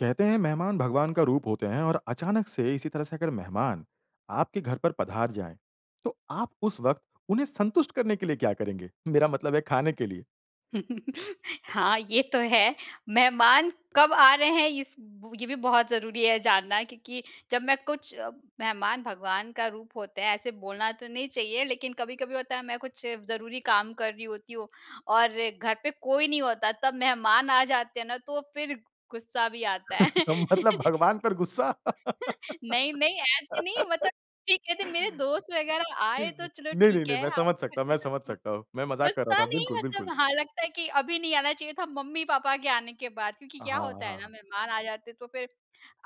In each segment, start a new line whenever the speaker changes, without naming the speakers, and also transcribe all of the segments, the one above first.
कहते हैं, मेहमान भगवान का रूप होतें हैं और अचानक से इसी तरह से अगर मेहमान आपके घर पर पधार जाएँ, तो आप उस वक़्त उन्हें संतुष्ट करने के लिए क्या करेंगे? मेरा मतलब है खाने के लिए?
हाँ, ये तो है। मेहमान कब आ रहे हैं इस ब ये भी बहुत ज़रूरी है जानना क्योंकि जब मैं कुछ अ, मेहमान भगवान का रूप होते हैं। ऐसे बोलना तो नहीं चाहिए लेकिन कभी-कभी होता है, मैं कुछ ज़रूरी काम कर रही होती हूँ और घर पे कोई नहीं होता तब मेहमान आ जाते हैं ना, तो फिर ग गुस्सा भी आता है।
मतलब भगवान पर गुस्सा।
नहीं-नहीं, ऐसे नहीं मतलब कि कहते, मेरे दोस्त वगैरह
नहीं,
आएँ तो चलो
नहीं,
ठीक
नहीं,
है।
मैं
अ,
समझ सकता हूँ, मैं समझ
खुशी-खुशी
सकता हूँ। मैं मज़ाक कर रहा
गुस्सा
था।
नहीं
बिल्कुल,
मतलब
बिल्कुल।
हाँ, लगता है कि अभी नहीं आना चाहिए था मम्मी-पापा के आने के बाद क्योंकि
अ,
क्या
हाँ,
होता है ना,
हाँ।
मेहमान आ जाते हैं तो फिर,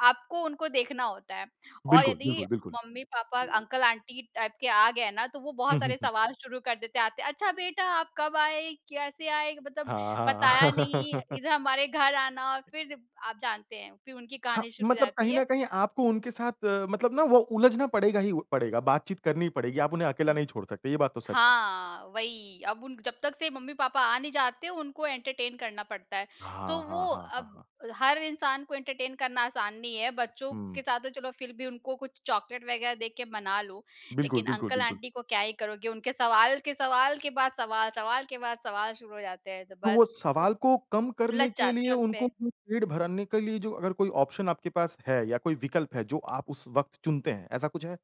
आपको उनको देखना होता है। और
बिल्कुल,
यदि
बिल्कुल, बिल्कुल।
मम्मी-पापा, अंकल-आंटी टाइप के आ गए ना तो वो
हुँ,
बहुत
हुँ,
सारे
हुँ।
सवाल शुरू कर देते हैं आते। "अच्छा, बेटा आप कब आए? कैसे आए? मतलब
हाँ, हाँ।
बताया नहीं, इधर हमारे घर आना।" फिर आप जानते हैं, फिर उनकी
हाँ,
कहानी शुरू हो
मतलब
जाती
कहीं
है।
न कहीं आपको उनके साथ मतलब ना, वो उलझना पड़ेगा ही उ पड़ेगा। बातचीत करनी ही पड़ेगी, आप उन्हें अकेला
हुँ।
नहीं छोड़ सकते। ये बात तो सच है।
हाँ, वही अब उन जब तक से मम्मी-पापा आ नहीं जाते उनको एंटरटेन करना पड़ता है। तो
हाँ,
वो
हाँ, हाँ, हाँ,
अब
हाँ।
हर इंसान को एंटरटेन करना आसान नहीं है। बच्चों
हुँ।
के साथ तो चलो फिर भी उनको कुछ चॉकलेट वगैरह दे के मना लो,
बिल्कुल,
लेकिन
बिल्कुल, बिल्कुल।
अंकल-आंटी को क्या ही करोगे। उनके सवाल के सवाल के बाद सवाल, सवाल के बाद सवाल शुरू हो जाते हैं तो
तो वो
बस उस
सवाल को कम
उलझ
करने के
जाते
लिए
हैं
उनको
उसपे।
पेट भराने के लिए जो अगर कोई ऑप्शन आपके पास है या कोई विकल्प है, जो आप उस वक़्त चुनते हैं, ऐसा कुछ है?